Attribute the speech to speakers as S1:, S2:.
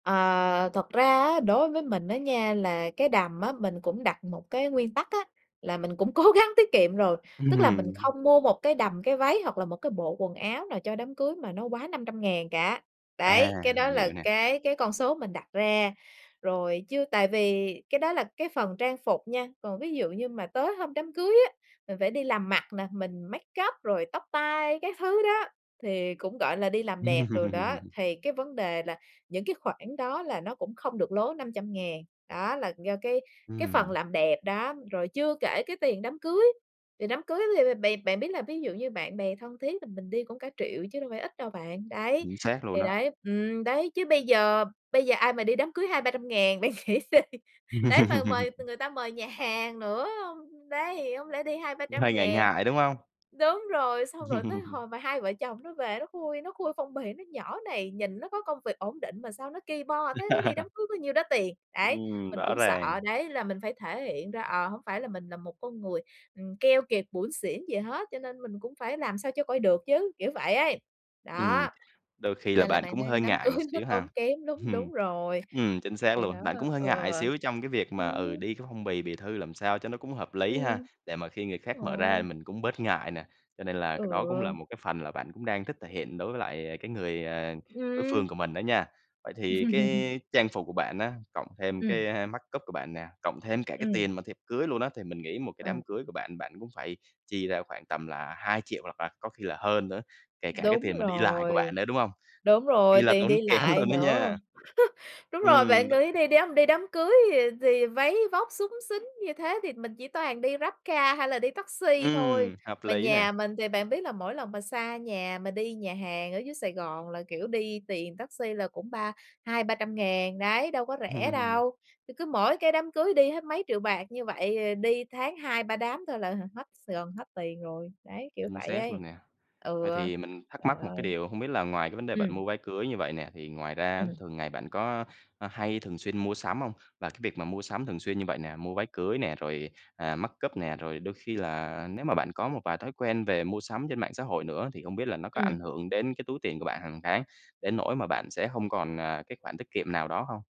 S1: Ờ, thật ra á, đối với mình á nha là cái đầm á mình cũng đặt một cái nguyên tắc á, là mình cũng cố gắng tiết kiệm rồi, tức là mình
S2: Ừm.
S1: không mua một cái đầm, cái váy hoặc là một cái bộ quần áo nào cho đám cưới mà nó quá 500.000 cả,
S2: À,
S1: đấy, cái đó
S2: mình
S1: là
S2: hiểu nè.
S1: cái cái con số mình đặt ra. Rồi chứ tại vì cái đó là cái phần trang phục nha, còn ví dụ như mà tới hôm đám cưới á, mình phải đi làm mặt nè, mình makeup rồi tóc tai các thứ đó, thì cũng, gọi là, đi làm đẹp đồ đó, thì cái vấn đề là những cái khoản đó là nó cũng không được lố 500.000 đó là do cái cái phần
S2: Ừm.
S1: làm đẹp, đó, rồi chưa kể cái tiền đám cưới. Tiền đám cưới thì thì bạn bạn biết là ví dụ như bạn bè thân thiết thì mình đi cũng cả triệu chứ đâu phải ít đâu bạn, đấy,
S2: Chính xác luôn
S1: thì
S2: á.
S1: đấy ừm, đấy, chứ bây giờ bây giờ ai mà đi đám cưới 200.000, 300.000 bạn nghĩ gì, đấy, mà mời người ta mời nhà hàng nữa, đấy, hông lẽ đi hai, ba
S2: Cũng
S1: trăm
S2: hơi ngại
S1: ngàn
S2: ngại, đúng hông?
S1: đúng rồi, xong rồi tới hồi mà hai vợ chồng nó về nó khui nó khui phong bì, nói: "Nhỏ này, nhìn nó có công việc ổn định mà sao nó ki bo thế, nó đi đám cưới có nhiêu đó tiền", đấy.
S2: Ừm,
S1: Mình
S2: rõ
S1: cũng sợ,
S2: ràng.
S1: đấy là mình phải thể hiện ra, ờ, hổng phải là mình là một con người, ừm, keo kiệt, bủn xỉn gì hết, cho nên mình cũng phải làm sao cho coi được chứ, kiểu vậy ấy.
S2: Ừm,
S1: Đó,
S2: đôi khi là
S1: nên là
S2: bạn
S1: bạn
S2: cũng
S1: đang đi
S2: hơi
S1: đám
S2: ngại
S1: cưới
S2: một
S1: nó
S2: xíu
S1: tốn
S2: ha.
S1: kém đúng
S2: Ừm,
S1: đúng rồi.
S2: ừm, chính xác
S1: Thì đó,
S2: luôn, bạn cũng hơi ngại
S1: ừ.
S2: một xíu trong cái việc mà, ừ,
S1: Ừm.
S2: đi cái phong bì, bì thư làm sao cho nó cũng hợp lý ha,
S1: Ừm.
S2: để mà khi người khác mở ra thì
S1: Ôi.
S2: mình cũng bớt ngại nè, cho nên là cái đó cũng là
S1: Ừ.
S2: một cái phần là bạn cũng đang thích thể hiện đối với lại, à, cái người, ờ, đối
S1: Ừm.
S2: phương của mình đó nha. Vậy thì cái trang phục của bạn á, cộng thêm
S1: Ừm.
S2: cái, a, makeup của bạn nè, cộng thêm cả cái
S1: Ừm.
S2: tiền mà thiệp cưới luôn á, thì mình nghĩ một cái
S1: Ừ.
S2: đám cưới của bạn, bạn cũng phải chi ra khoảng tầm là 2.000.000 hoặc là có khi là hơn nữa, kể cả cái
S1: Đúng
S2: tiền mà đi lại của
S1: rồi,
S2: bạn nữa, đúng không?
S1: đúng
S2: Kỳ
S1: rồi,
S2: là
S1: tiền
S2: tốn
S1: đi
S2: kém
S1: lại
S2: luôn đó
S1: nữa.
S2: nha.
S1: Đúng rồi, bạn
S2: Ừm, đ
S1: nghĩ đi, đi đám đi đám cưới thì thì váy vóc xúng xính như thế thì mình chỉ toàn đi GrabCar hay là đi taxi thôi,
S2: Ừm, hợp
S1: mà
S2: lý nè.
S1: nhà mình thì bạn biết là mỗi lần mà xa nhà mà đi nhà hàng ở dưới Sài Gòn là, kiểu, đi tiền taxi là cũng ba 200.000, 300.000 đấy, đâu có rẻ đâu. C cứ mỗi cái đám cưới đi hết mấy triệu bạc như vậy, ờ, đi tháng 2, 3 đám thôi là h hết Sài Gòn, hết tiền rồi, đấy, kiểu
S2: Chính
S1: vậy
S2: xác
S1: ấy
S2: luôn nè. Vậy
S1: ừa.
S2: thì mình thắc
S1: Trời
S2: mắc một cái
S1: ơi.
S2: điều, hông biết là ngoài cái vấn đề bạn
S1: Ừm.
S2: mua váy cưới như vậy nè, thì ngoài ra á
S1: Ừm.
S2: thường ngày bạn có h hay thường xuyên mua sắm không? Và cái việc mà mua sắm thường xuyên như vậy nè, mua váy cưới nè, rồi, à, makeup nè, rồi đôi khi là nếu mà bạn có một vài thói quen về mua sắm trên mạng xã hội nữa thì không biết là nó có ảnh
S1: Ừm.
S2: hưởng đến cái túi tiền của bạn hàng tháng, đến nỗi mà bạn sẽ không còn, à, cái khoản tiết kiệm nào đó không?